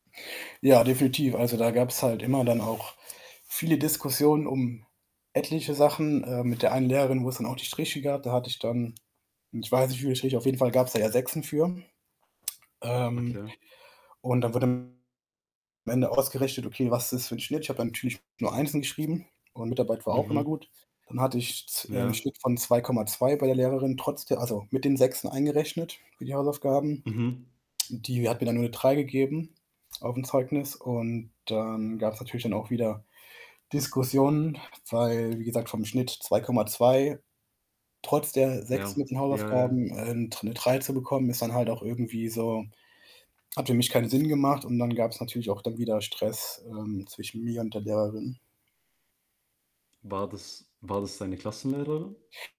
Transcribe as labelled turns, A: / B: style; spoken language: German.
A: Ja, definitiv. Also, da gab's halt immer dann auch viele Diskussionen um etliche Sachen, äh, mit der einen Lehrerin, wo's dann auch die Striche gab. Da hatte ich dann, ich weiß nicht, wie viele Striche, auf jeden Fall gab's da ja 6en für. Ähm,
B: Okay.
A: und dann wurde am Ende auch ausgerechnet: „Okay, was ist das für 'n Schnitt?“ Ich habe natürlich nur 1en geschrieben und Mitarbeit war auch immer
B: Mhm.
A: gut. Dann hatte ich z äh, 'n
B: Ja.
A: Schnitt von 2,2 bei der Lehrerin, trotz der also, mit den 6en eingerechnet für die Hausaufgaben.
B: Mhm.
A: Die hat mir dann nur 'ne 3 gegeben aufm Zeugnis und dann gab's natürlich dann auch wieder Diskussionen, weil wie gesagt, vom Schnitt 2,2, trotz der
B: Ja.
A: 6en mit den
B: Ja, ja, ja.
A: Hausaufgaben, äh, 'n dr 'ne 3 zu bekommen, ist dann halt auch irgendwie so hat für mich keinen Sinn gemacht und dann gab's natürlich auch dann wieder Stress, ähm, zwischen mir und der Lehrerin.
B: War das war das deine Klassenlehrerin?